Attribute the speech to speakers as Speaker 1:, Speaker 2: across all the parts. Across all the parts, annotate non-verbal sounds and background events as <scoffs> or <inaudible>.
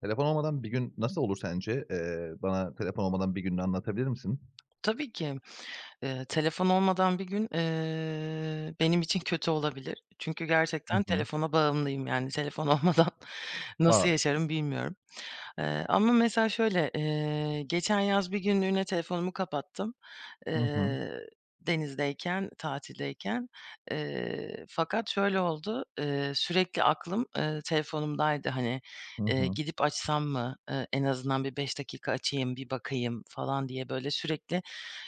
Speaker 1: Telefon olmadan bir gün nasıl olur sence? Eee, bana telefon olmadan bir gününü anlatabilir misin?
Speaker 2: Tabii ki. Eee, telefon olmadan bir gün, eee, benim için kötü olabilir. Çünkü
Speaker 1: Hı
Speaker 2: gerçekten
Speaker 1: hı.
Speaker 2: telefona bağımlıyım yani telefon olmadan nasıl
Speaker 1: A!
Speaker 2: yaşarım bilmiyorum. Eee, ama mesela şöyle, eee, geçen yaz 1 günlüğüne telefonumu kapattım,
Speaker 1: Hı hı.
Speaker 2: eee, denizdeyken, tatildeyken. Eee, fakat şöyle oldu, eee, sürekli aklım, eee, telefonumdaydı, hani,
Speaker 1: Hı
Speaker 2: eee,
Speaker 1: hı.
Speaker 2: gidip açsam mı? Eee, en azından bir 5 dakika açayım, bir bakayım falan diye böyle sürekli,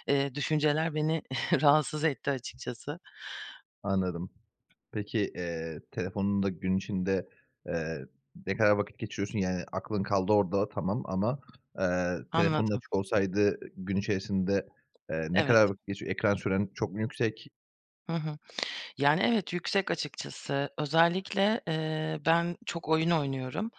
Speaker 2: eee, düşünceler beni <chuckles> rahatsız etti açıkçası.
Speaker 1: Anladım. Peki, eee, telefonunda gün içinde, eee, ne kadar vakit geçiriyorsun? Yani aklın kaldı orada tamam, ama, eee, telefonun
Speaker 2: Anladım.
Speaker 1: açık olsaydı gün içerisinde, eee, ne
Speaker 2: Evet.
Speaker 1: kadar vakit geçiyo ekran süren çok mu yüksek?
Speaker 2: Hı hı. Yani, evet, yüksek, açıkçası. Özellikle, eee, ben çok oyun oynuyorum.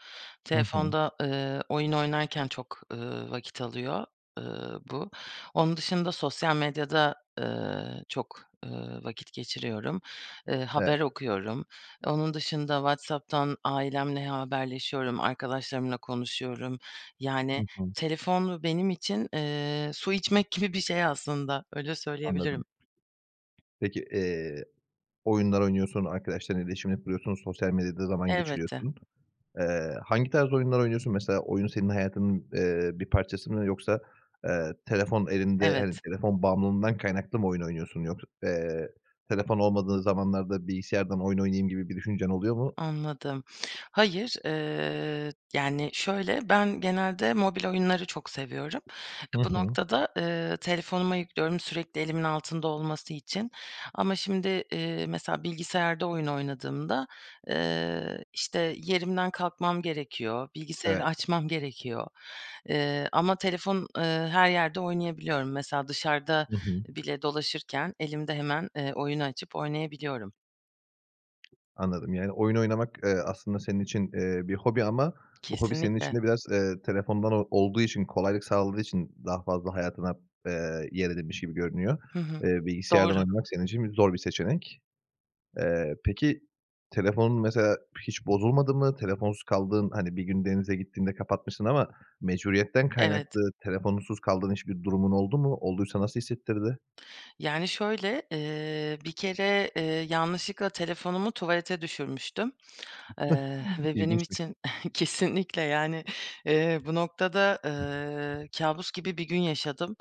Speaker 1: Hı hı.
Speaker 2: Telefonda, ııı, oyun oynarken çok, ııı, vakit alıyor, ııı, bu. Onun dışında sosyal medyada, ııı, çok, ııı, vakit geçiriyorum, eee,
Speaker 1: Evet.
Speaker 2: haber okuyorum. Onun dışında WhatsApp'tan ailemle haberleşiyorum, arkadaşlarımla konuşuyorum.
Speaker 1: Hı
Speaker 2: Yani
Speaker 1: hı.
Speaker 2: telefon benim için, eee, su içmek gibi bir şey aslında. Öyle
Speaker 1: Anladım.
Speaker 2: söyleyebilirim.
Speaker 1: Peki, eee, oyunlar oynuyorsun, arkadaşlarınla iletişimini kuruyorsun, sosyal medyada zaman
Speaker 2: Elbette.
Speaker 1: geçiriyorsun. Eee, hangi tarz oyunlar oynuyorsun? Mesela oyun senin hayatının, eee, bir parçası mı yoksa, eee, telefon elinde hani,
Speaker 2: Evet.
Speaker 1: telefon bağımlılığından kaynaklı mı oyun oynuyorsun yoksa, eee, telefon olmadığı zamanlarda bilgisayardan oyun oynayayım gibi bir düşüncen oluyor mu?
Speaker 2: Anladım. Hayır, eee, yani şöyle, ben genelde mobil oyunları çok seviyorum.
Speaker 1: Hı
Speaker 2: Bu
Speaker 1: hı.
Speaker 2: noktada, eee, telefonuma yüklüyorum sürekli elimin altında olması için. Ama şimdi, eee, mesela bilgisayarda oyun oynadığımda, eee, işte, yerimden kalkmam gerekiyor, bilgisayarı
Speaker 1: Evet.
Speaker 2: açmam gerekiyor. Eee, ama telefon, ııı, her yerde oynayabiliyorum. Mesela dışarıda
Speaker 1: Hı hı.
Speaker 2: bile dolaşırken, elimde hemen, eee, oyunu açıp oynayabiliyorum.
Speaker 1: Anladım. Yani oyun oynamak, eee, aslında senin için, eee, bir hobi ama bu hobi senin için
Speaker 2: Kesinlikle.
Speaker 1: de biraz, eee, telefondan o olduğu için, kolaylık sağladığı için daha fazla hayatına, eee, yer edinmiş gibi görünüyor.
Speaker 2: Hı hı,
Speaker 1: Eee, bilgisayardan
Speaker 2: doğru.
Speaker 1: oynamak senin için bi zor bir seçenek. Eee, peki, telefonun mesela hiç bozulmadı mı? Telefonsuz kaldığın hani, bir gün denize gittiğinde kapatmışsın ama mecburiyetten
Speaker 2: Evet.
Speaker 1: kaynaklı telefonsuz kaldığın hiçbir durumun oldu mu? Olduysa nasıl hissettirdi?
Speaker 2: Yani şöyle, eee, bir kere, eee, yanlışlıkla telefonumu tuvalete düşürmüştüm, eee,
Speaker 1: <chuckles>
Speaker 2: ve benim
Speaker 1: İlginçmiş.
Speaker 2: için <scoffs> Kesinlikle, yani, eee, bu noktada, ııı, kâbus gibi bir gün yaşadım.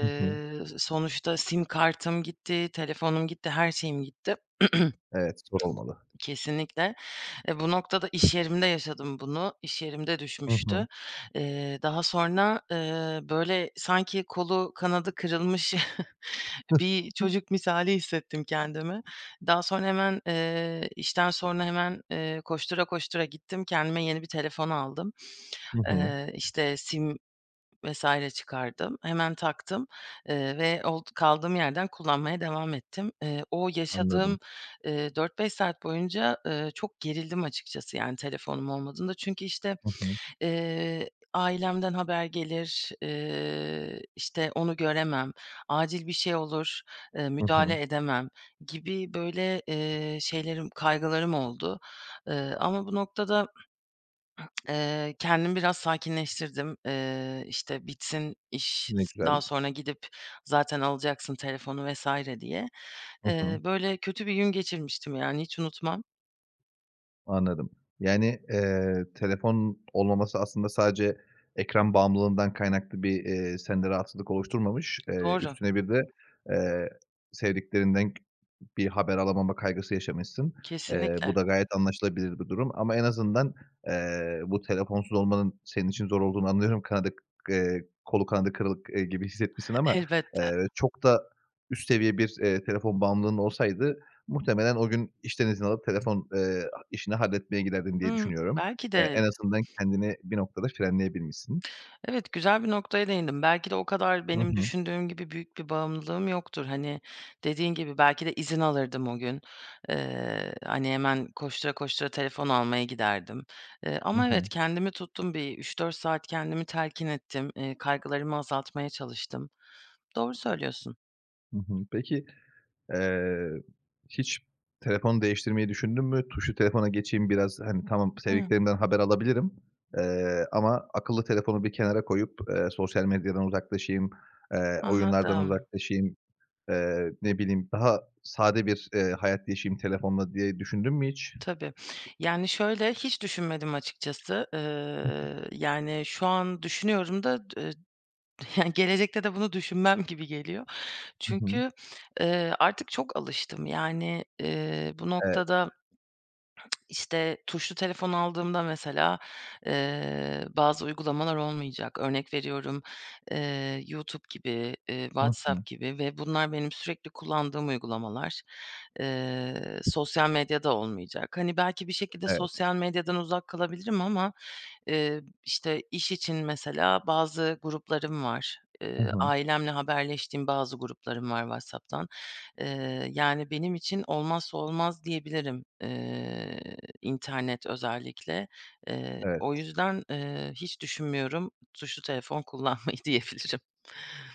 Speaker 1: Hı hı.
Speaker 2: s sonuçta sim kartım gitti, telefonum gitti, her şeyim gitti. <clears throat>
Speaker 1: Evet, zor olmalı.
Speaker 2: Kesinlikle. Eee, bu noktada iş yerimde yaşadım bunu. İş yerimde
Speaker 1: Hı hı.
Speaker 2: düşmüştü. Eee, daha sonra, ııı, böyle sanki kolu kanadı kırılmış <chuckles> bir
Speaker 1: <chuckles>
Speaker 2: çocuk misali hissettim kendimi. Daha sonra hemen eee, işten sonra hemen, eee, koştura koştura gittim kendime yeni bir telefon aldım.
Speaker 1: Hı hı.
Speaker 2: Eee, işte sim vs. çıkardım, hemen taktım, eee, ve old kaldığım yerden kullanmaya devam ettim. Eee, o
Speaker 1: Anladım.
Speaker 2: yaşadığım, eee, 4-5 saat boyunca, ııı, çok gerildim açıkçası yani telefonum olmadığında. Çünkü, işte,
Speaker 1: Hı hı.
Speaker 2: eee, ailemden haber gelir, eee, işte, onu göremem, acil bir şey olur, eee,
Speaker 1: Hı hı.
Speaker 2: müdahale edemem gibi böyle, eee, şeylerim, kaygılarım oldu. Iıı, ama bu noktada, <clears throat> eee, kendimi biraz sakinleştirdim. Eee, işte: "Bitsin iş,
Speaker 1: Ne
Speaker 2: daha
Speaker 1: güzel.
Speaker 2: sonra gidip zaten alacaksın telefonu vs." diye.
Speaker 1: Hı hı.
Speaker 2: Eee, böyle kötü bir gün geçirmiştim yani, hiç unutmam.
Speaker 1: Anladım. Yani, eee, telefon olmaması aslında sadece ekran bağımlılığından kaynaklı bir, eee, sende rahatsızlık oluşturmamış, eee,
Speaker 2: Doğru.
Speaker 1: üstüne bir de, eee, sevdiklerinden bir haber alamama kaygısı yaşamışsın. Eee, bu
Speaker 2: Kesinlikle.
Speaker 1: da gayet anlaşılabilir bir durum. Ama en azından, eee, bu telefonsuz olmanın senin için zor olduğunu anlıyorum, kanadı k eee, kolu kanadı kırık gibi hissetmişsin ama,
Speaker 2: Elbette.
Speaker 1: eee, çok da üst seviye bir, eee, telefon bağımlılığın olsaydı muhtemelen o gün işten izin alıp telefon, eee, ha işini halletmeye giderdin diye
Speaker 2: Hımm.
Speaker 1: düşünüyorum.
Speaker 2: Belki
Speaker 1: Eee,
Speaker 2: de.
Speaker 1: en azından kendini bir noktada frenleyebilmişsin.
Speaker 2: Evet, güzel bir noktaya değindin. Belki de o kadar
Speaker 1: Hı
Speaker 2: benim
Speaker 1: hı.
Speaker 2: düşündüğüm gibi büyük bir bağımlılığım yoktur. Hani, dediğin gibi, belki de izin alırdım o gün, eee, hani, hemen koştura koştura telefon almaya giderdim. Eee,
Speaker 1: Hı
Speaker 2: ama
Speaker 1: hı.
Speaker 2: evet, kendimi tuttum, bir 3-4 saat kendimi telkin ettim, eee, kaygılarımı azaltmaya çalıştım. Doğru söylüyorsun.
Speaker 1: Hı hı, peki, eee, hiç telefonu değiştirmeyi düşündün mü? "Tuşlu telefona geçeyim biraz, hani, tamam
Speaker 2: Hıı.
Speaker 1: sevdiklerimden haber alabilirim, eee, ama akıllı telefonu bir kenara koyup, eee, sosyal medyadan uzaklaşayım, eee, oyunlardan
Speaker 2: Anladım.
Speaker 1: uzaklaşayım, eee, ne bileyim daha sade bir, eee, hayat yaşayayım telefonla." diye düşündün mü hiç?
Speaker 2: Tabii. Yani, şöyle, hiç düşünmedim açıkçası, eee,
Speaker 1: <unintelligible>
Speaker 2: yani, şu an düşünüyorum da d eee, yani gelecekte de bunu düşünmem gibi geliyor.
Speaker 1: Hı hı.
Speaker 2: Çünkü, eee, artık çok alıştım. Yani, eee, bu
Speaker 1: Evet.
Speaker 2: noktada işte, tuşlu telefon aldığımda mesela, eee, bazı uygulamalar olmayacak. Örnek veriyorum, eee, YouTube gibi, eee,
Speaker 1: Hı hı.
Speaker 2: WhatsApp gibi ve bunlar benim sürekli kullandığım uygulamalar. Eee, sosyal medya da olmayacak. Hani, belki bir şekilde
Speaker 1: Evet.
Speaker 2: sosyal medyadan uzak kalabilirim ama, eee, işte, iş için mesela bazı gruplarım var.
Speaker 1: Hı
Speaker 2: Eee,
Speaker 1: hı.
Speaker 2: ailemle haberleştiğim bazı gruplarım var WhatsApp'tan. Eee, yani benim için olmazsa olmaz diyebilirim, eee, internet özellikle. Eee, o
Speaker 1: Evet.
Speaker 2: yüzden, eee, hiç düşünmüyorum tuşlu telefon kullanmayı diyebilirim.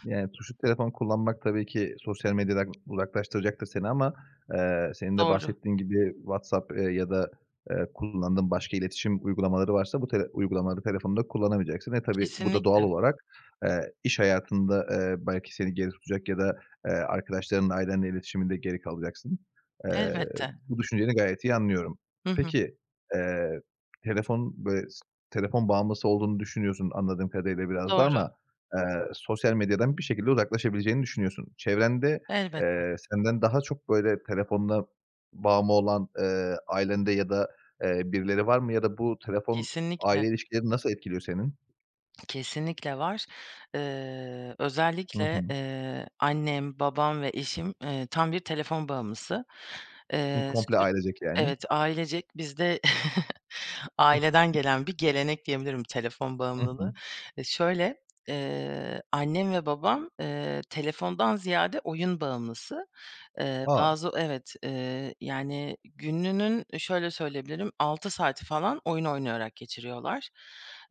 Speaker 1: Yani tuşlu telefon kullanmak tabii ki sosyal medyadan uzaklaştıracaktır seni ama, eee, senin de
Speaker 2: Doğru.
Speaker 1: bahsettiğin gibi, WhatsApp, eee, ya da, eee, kullandığın başka iletişim uygulamaları varsa bu tele uygulamaları telefonda kullanamayacaksın. Ve tabii bu da doğal
Speaker 2: Kesinlikle.
Speaker 1: olarak, eee, iş hayatında, eee, belki seni geri tutacak ya da, eee, arkadaşlarınla, ailenle iletişiminde geri kalacaksın. Eee,
Speaker 2: Elbette.
Speaker 1: bu düşünceni gayet iyi anlıyorum.
Speaker 2: Hı hı.
Speaker 1: Peki, eee, telefon böyle s telefon bağımlısı olduğunu düşünüyorsun anladığım kadarıyla biraz da
Speaker 2: Doğru.
Speaker 1: ama, eee, sosyal medyadan bir şekilde uzaklaşabileceğini düşünüyorsun. Çevrende,
Speaker 2: Elbette.
Speaker 1: eee, senden daha çok böyle telefonuna bağımlı olan, eee, ailende ya da, eee, birileri var mı ya da bu telefon, aile
Speaker 2: Kesinlikle.
Speaker 1: ilişkilerini nasıl etkiliyor senin?
Speaker 2: Kesinlikle var. Eee,
Speaker 1: Hı
Speaker 2: özellikle,
Speaker 1: hı.
Speaker 2: eee, annem, babam ve eşim, eee, tam bir telefon bağımlısı.
Speaker 1: Hı,
Speaker 2: Eee,
Speaker 1: komple
Speaker 2: sür
Speaker 1: ailecek, yani.
Speaker 2: Evet ailecek bizde <chuckles> aileden gelen bir gelenek diyebilirim telefon
Speaker 1: Hı hı.
Speaker 2: bağımlılığı. Eee, şöyle, eee, annem ve babam, eee, telefondan ziyade oyun bağımlısı. Eee,
Speaker 1: A!
Speaker 2: bazı Evet, eee, yani gününün eee, şöyle söyleyebilirim, 6 saati falan oyun oynayarak geçiriyorlar.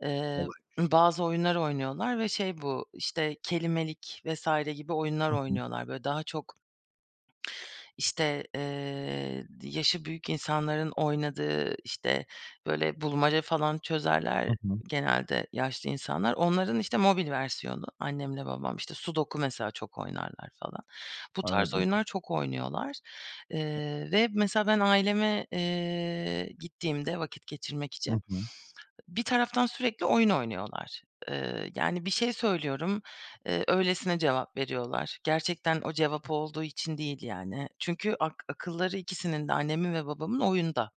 Speaker 2: Eee,
Speaker 1: Olaymış.
Speaker 2: bazı oyunlar oynuyorlar ve şey bu, işte, Kelimelik vs. gibi oyunlar
Speaker 1: Hı hı.
Speaker 2: oynuyorlar. Böyle daha çok işte, eee, d yaşı büyük insanların oynadığı, işte, böyle, bulmaca falan
Speaker 1: Hı
Speaker 2: çözerler
Speaker 1: hı.
Speaker 2: genelde yaşlı insanlar. Onların, işte, mobil versiyonu annemle babam. İşte, sudoku mesela çok oynarlar falan. Bu tarz
Speaker 1: Anladım.
Speaker 2: oyunlar çok oynuyorlar, eee, ve mesela ben aileme, eee, gittiğimde vakit geçirmek
Speaker 1: Hı
Speaker 2: için,
Speaker 1: hı.
Speaker 2: bir taraftan sürekli oyun oynuyorlar. Eee, yani bir şey söylüyorum, eee, öylesine cevap veriyorlar. Gerçekten o cevap olduğu için değil yani. Çünkü ak akılları ikisinin de annemin ve babamın oyunda.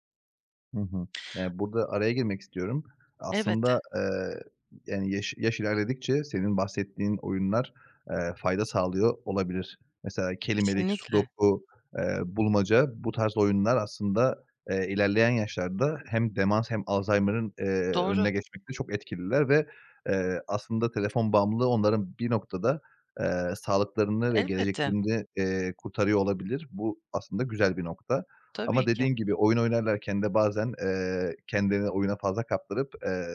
Speaker 1: Hı hı. Yani, burada araya girmek istiyorum. Aslında,
Speaker 2: Elbette.
Speaker 1: eee, yani, yaş yaş ilerledikçe senin bahsettiğin oyunlar, eee, fayda sağlıyor olabilir. Mesela, kelimelik,
Speaker 2: Kesinlikle.
Speaker 1: sudoku, eee, bulmaca, bu tarz oyunlar aslında, eee, ilerleyen yaşlarda hem demans hem Alzaymır'ın, eee,
Speaker 2: Doğru.
Speaker 1: önüne geçmekte çok etkililer ve, eee, aslında telefon bağımlılığı onların bir noktada, eee, sağlıklarını ve
Speaker 2: Elbette.
Speaker 1: geleceklerini, eee, kurtarıyor olabilir. Bu aslında güzel bir nokta. Ama
Speaker 2: Tabii ki.
Speaker 1: dediğin gibi oyun oynarlarken de bazen, eee, kendilerini oyuna fazla kaptırıp, eee,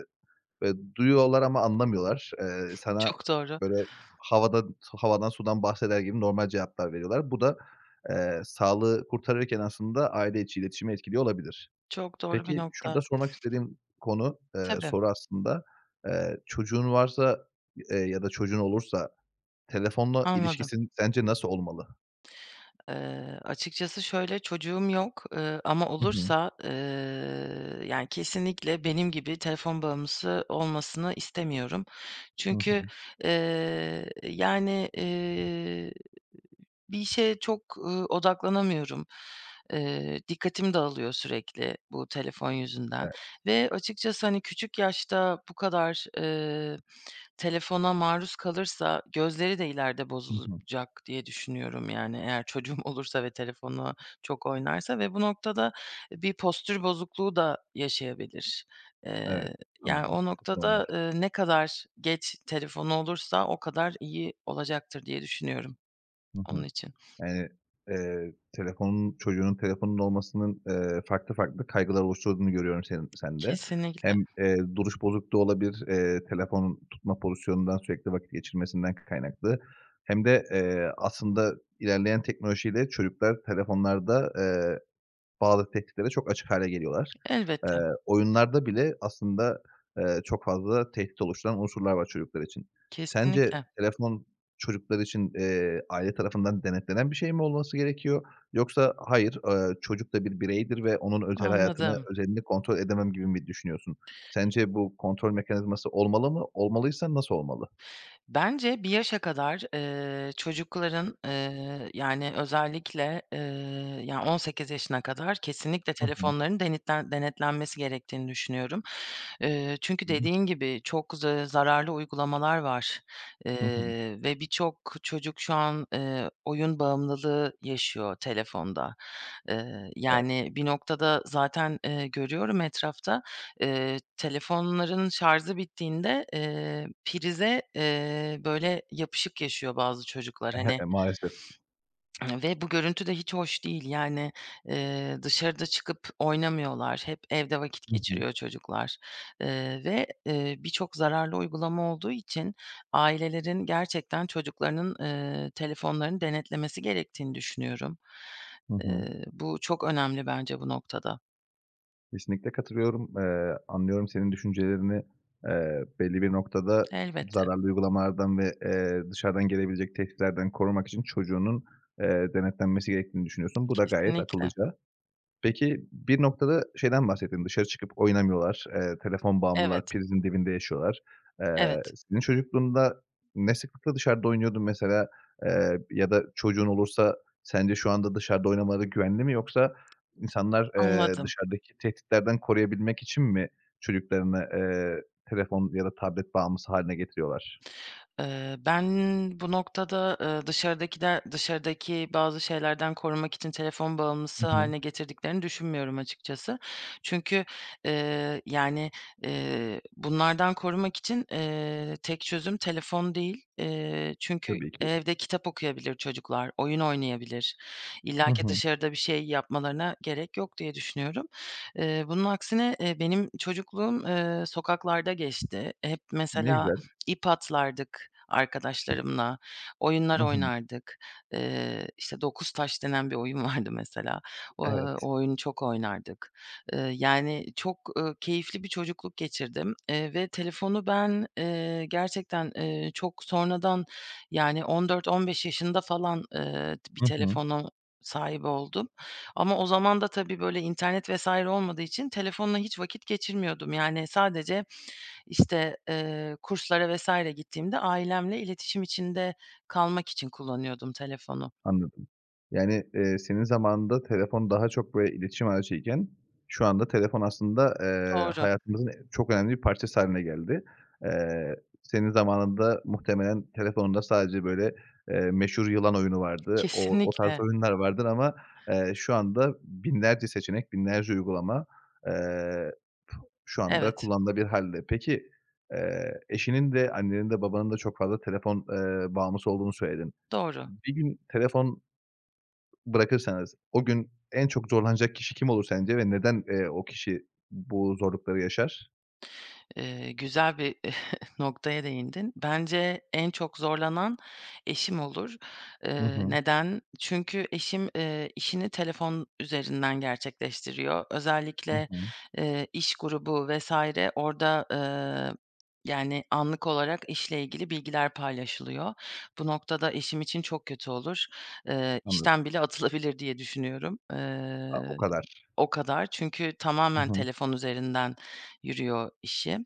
Speaker 1: böyle, duyuyorlar ama anlamıyorlar. Eee, sana,
Speaker 2: Çok doğru.
Speaker 1: böyle, havada s havadan sudan bahseder gibi normal cevaplar veriyorlar. Bu da, eee, sağlığı kurtarırken aslında aile içi iletişimi etkiliyor olabilir.
Speaker 2: Çok doğru bir
Speaker 1: Peki,
Speaker 2: nokta.
Speaker 1: şurada sormak istediğim konu, eee,
Speaker 2: Tabii.
Speaker 1: soru aslında, eee, çocuğun varsa, eee, ya da çocuğun olursa telefonla
Speaker 2: Anladım.
Speaker 1: ilişkisi sence nasıl olmalı?
Speaker 2: Eee, açıkçası şöyle; çocuğum yok, ııı, ama
Speaker 1: Hı hı.
Speaker 2: olursa, ııı, yani, kesinlikle benim gibi telefon bağımlısı olmasını istemiyorum.
Speaker 1: Hı
Speaker 2: Çünkü,
Speaker 1: hı.
Speaker 2: eee, yani, eee, bir işe çok, ııı, odaklanamıyorum. Eee, dikkatim dağılıyor sürekli bu telefon yüzünden.
Speaker 1: Evet.
Speaker 2: Ve açıkçası, hani, küçük yaşta bu kadar, eee, telefona maruz kalırsa gözleri de ileride
Speaker 1: Hı hı.
Speaker 2: bozulacak diye düşünüyorum, yani, eğer çocuğum olursa ve telefona çok oynarsa ve bu noktada bir postür bozukluğu da yaşayabilir.
Speaker 1: Evet,
Speaker 2: Eee, yani,
Speaker 1: anladım.
Speaker 2: o
Speaker 1: Çok normal.
Speaker 2: noktada, eee, ne kadar geç telefonu olursa o kadar iyi olacaktır diye düşünüyorum
Speaker 1: Hı
Speaker 2: onun
Speaker 1: hı.
Speaker 2: için.
Speaker 1: <unintelligible> Eee, telefonun Çocuğunun telefonunun olmasının, eee, farklı farklı kaygılar oluşturduğunu görüyorum senin sende.
Speaker 2: Kesinlikle.
Speaker 1: Hem, eee, duruş bozukluğu olabilir, eee, telefonun tutma pozisyonundan, sürekli vakit geçirmesinden kaynaklı hem de, eee, aslında ilerleyen teknolojiyle çocuklar telefonlarda, eee, bazı tehditlere çok açık hâle geliyorlar. Eee,
Speaker 2: Elbette.
Speaker 1: oyunlarda bile aslında, eee, çok fazla tehdit oluşturan unsurlar var çocuklar için. Sence
Speaker 2: Kesinlikle.
Speaker 1: telefon çocuklar için, eee, aile tarafından denetlenen bir şey mi olması gerekiyor yoksa, "Hayır, ııı, çocuk da bir bireydir ve onun özel hayatını,
Speaker 2: Anladım.
Speaker 1: özelini kontrol edemem." gibi mi düşünüyorsun? Sence bu kontrol mekanizması olmalı mı? Olmalıysa nasıl olmalı?
Speaker 2: Bence bir yaşa kadar, eee, çocukların, eee, yani, özellikle, eee, ya, 18 yaşına kadar kesinlikle
Speaker 1: Hı hı.
Speaker 2: telefonlarının denetlen denetlenmesi gerektiğini düşünüyorum. Eee, çünkü
Speaker 1: Hı hı.
Speaker 2: dediğin gibi çok z eee, zararlı uygulamalar var,
Speaker 1: Hı hı.
Speaker 2: eee, ve birçok çocuk şu an, eee, oyun bağımlılığı yaşıyor telefonda. Eee,
Speaker 1: Evet.
Speaker 2: yani, bir noktada zaten, eee, görüyorum etrafta, eee, telefonların şarjı bittiğinde, eee, prize, eee, böyle, yapışık yaşıyor bazı çocuklar,
Speaker 1: <chuckles>
Speaker 2: hani.
Speaker 1: Maalesef.
Speaker 2: <sniffs> Ve bu görüntü de hiç hoş değil. Yani, eee, dışarı da çıkıp oynamıyorlar. Hep evde vakit
Speaker 1: Hı hı.
Speaker 2: geçiriyor çocuklar. Eee, ve, eee, birçok zararlı uygulama olduğu için ailelerin gerçekten çocuklarının, eee, telefonlarını denetlemesi gerektiğini düşünüyorum.
Speaker 1: Hı hı.
Speaker 2: Eee, bu çok önemli bence bu noktada.
Speaker 1: Kesinlikle katılıyorum. Eee, anlıyorum senin düşüncelerini. Eee, belli bir noktada
Speaker 2: Elbette.
Speaker 1: zararlı uygulamalardan ve, eee, dışarıdan gelebilecek tehditlerden korumak için çocuğunun, eee, denetlenmesi gerektiğini düşünüyorsun, bu da gayet
Speaker 2: Kesinlikle.
Speaker 1: akıllıca. Peki, bir noktada şeyden bahsettin, dışarı çıkıp oynamıyorlar, eee, telefon bağımlılar,
Speaker 2: Evet.
Speaker 1: prizin dibinde yaşıyorlar. Eee,
Speaker 2: Evet.
Speaker 1: senin çocukluğunda ne sıklıkla dışarıda oynuyordun mesela, eee, ya da çocuğun olursa sence şu anda dışarıda oynamaları güvenli mi yoksa insanlar, eee,
Speaker 2: Anladım.
Speaker 1: dışarıdaki tehditlerden koruyabilmek için mi çocuklarını, eee, telefon ya da tablet bağımlısı hâline getiriyorlar?
Speaker 2: Eee, ben bu noktada, eee, dışarıdakiler dışarıdaki bazı şeylerden korumak için telefon
Speaker 1: Hı
Speaker 2: bağımlısı
Speaker 1: hı.
Speaker 2: hâline getirdiklerini düşünmüyorum açıkçası. Çünkü, eee, yani, eee, bunlardan korumak için, eee, tek çözüm telefon değil. Eee, çünkü
Speaker 1: Tabii ki.
Speaker 2: evde kitap okuyabilir çocuklar, oyun oynayabilir.
Speaker 1: Hı
Speaker 2: İllaki
Speaker 1: hı.
Speaker 2: dışarıda bir şey yapmalarına gerek yok diye düşünüyorum. Eee, bunun aksine, eee, benim çocukluğum, eee, sokaklarda geçti. Hep
Speaker 1: Ne
Speaker 2: mesela
Speaker 1: güzel.
Speaker 2: ip atlardık arkadaşlarımla, oyunlar
Speaker 1: Hı hı.
Speaker 2: oynardık. Eee, işte, 9 taş denen bir oyun vardı mesela. Eee,
Speaker 1: Evet.
Speaker 2: o oyunu çok oynardık. Eee, yani çok, ııı, keyifli bir çocukluk geçirdim, eee, ve telefonu ben, eee, gerçekten, eee, çok sonradan yani 14-15 yaşında falan, eee, bir
Speaker 1: Hı hı.
Speaker 2: telefona sahip oldum. Ama o zaman da, tabii, böyle internet vs. olmadığı için telefonla hiç vakit geçirmiyordum. Yani sadece, işte, eee, kurslara vs. gittiğimde ailemle iletişim içinde kalmak için kullanıyordum telefonu.
Speaker 1: Anladım. Yani, eee, senin zamanında telefon daha çok böyle iletişim aracıyken, şu anda telefon aslında, eee,
Speaker 2: Doğru.
Speaker 1: hayatımızın çok önemli bir parçası hâline geldi. Eee, senin zamanında muhtemelen telefonunda sadece böyle, eee, meşhur yılan oyunu vardı. O o tarz
Speaker 2: Kesinlikle.
Speaker 1: oyunlar vardır ama, eee, şu anda binlerce seçenek, binlerce uygulama, eee, şu anda
Speaker 2: Evet.
Speaker 1: kullanılabilir hâlde. Peki, eee, eşinin de annenin de babanın da çok fazla telefon, eee, bağımlısı olduğunu söyledin.
Speaker 2: Doğru.
Speaker 1: Bir gün telefon bırakırsanız o gün en çok zorlanacak kişi kim olur sence ve neden, eee, o kişi bu zorlukları yaşar?
Speaker 2: Eee, güzel bir <chuckles> noktaya değindin. Bence en çok zorlanan eşim olur.
Speaker 1: Hı
Speaker 2: Eee,
Speaker 1: hı.
Speaker 2: neden? Çünkü eşim, eee, işini telefon üzerinden gerçekleştiriyor.
Speaker 1: Hı
Speaker 2: Özellikle,
Speaker 1: hı.
Speaker 2: eee, iş grubu vs. orada, eee, yani, anlık olarak işle ilgili bilgiler paylaşılıyor. Bu noktada eşim için çok kötü olur. Eee,
Speaker 1: Anladım.
Speaker 2: işten bile atılabilir diye düşünüyorum.
Speaker 1: A! O
Speaker 2: Eee,
Speaker 1: kadar.
Speaker 2: o kadar. Çünkü
Speaker 1: Hı
Speaker 2: tamamen
Speaker 1: hı.
Speaker 2: telefon üzerinden yürüyor işi.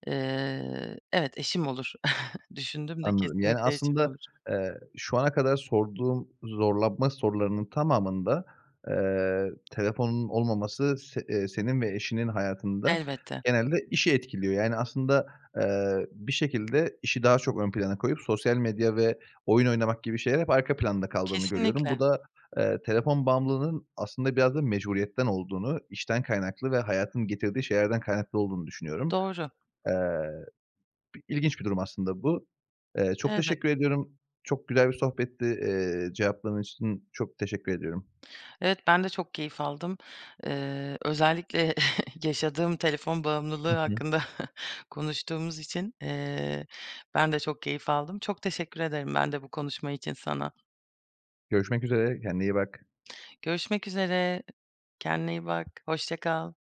Speaker 2: <sniffs> Eee, evet, eşim olur. <chuckles> Düşündüm de
Speaker 1: Anladım. Yani,
Speaker 2: kesinlikle eşim
Speaker 1: aslında,
Speaker 2: olur.
Speaker 1: eee, şu ana kadar sorduğum zorlanma sorularının tamamında, eee, telefonun olmaması se eee, senin ve eşinin hayatında
Speaker 2: Elbette.
Speaker 1: genelde işi etkiliyor, yani, aslında, eee, bir şekilde işi daha çok ön plana koyup sosyal medya ve oyun oynamak gibi şeyler hep arka planda kaldığını görüyorum. Bu
Speaker 2: Kesinlikle.
Speaker 1: da, eee, telefon bağımlılığının aslında biraz da mecburiyetten olduğunu, işten kaynaklı ve hayatın getirdiği şeylerden kaynaklı olduğunu düşünüyorum.
Speaker 2: Doğru.
Speaker 1: Eee, bi ilginç bir durum aslında bu. Eee, çok
Speaker 2: Elbette.
Speaker 1: teşekkür ediyorum. Çok güzel bir sohbetti, eee, cevapların için çok teşekkür ediyorum.
Speaker 2: Evet, ben de çok keyif aldım. Eee, özellikle <chuckles> yaşadığım telefon bağımlılığı
Speaker 1: Hı hı.
Speaker 2: hakkında <chuckles> konuştuğumuz için, eee, ben de çok keyif aldım. Çok teşekkür ederim ben de bu konuşma için sana.
Speaker 1: Görüşmek üzere, kendine iyi bak.
Speaker 2: Görüşmek üzere. Kendine iyi bak, hoşça kal.